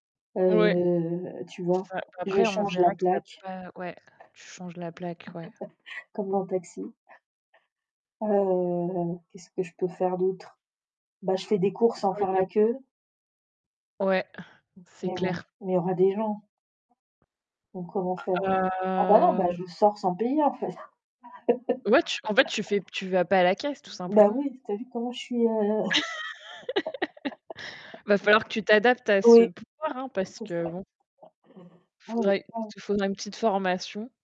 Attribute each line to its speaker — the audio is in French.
Speaker 1: Ouais.
Speaker 2: Heu, tu
Speaker 1: C'est
Speaker 2: vois?
Speaker 1: ça,
Speaker 2: Je
Speaker 1: après, on
Speaker 2: change la
Speaker 1: verra qu'il y a
Speaker 2: plaque.
Speaker 1: pas ouais, tu changes la plaque, ouais.
Speaker 2: Comme dans Taxi. Heu, qu'est-ce que je peux faire d'autre? Bah, je fais des courses sans faire la
Speaker 1: [unintelligible]
Speaker 2: queue.
Speaker 1: Ouais, c'est
Speaker 2: Mais bon,
Speaker 1: clair.
Speaker 2: mais il y aura des gens. Donc comment faire?
Speaker 1: Ah,
Speaker 2: Ah bah, non, bah,
Speaker 1: heu.
Speaker 2: je sors sans payer, en fait.
Speaker 1: Ouais, tu en fait, tu fais p tu vas pas à la caisse, tout
Speaker 2: Bah,
Speaker 1: simplement.
Speaker 2: oui, tu as vu comment je suis, heu
Speaker 1: Va falloir que tu t'adaptes à ce
Speaker 2: Oui,
Speaker 1: pouvoir, hein, parce
Speaker 2: c'est
Speaker 1: que bon. Faudrait il
Speaker 2: [unintelligible]
Speaker 1: te faudrait une petite formation.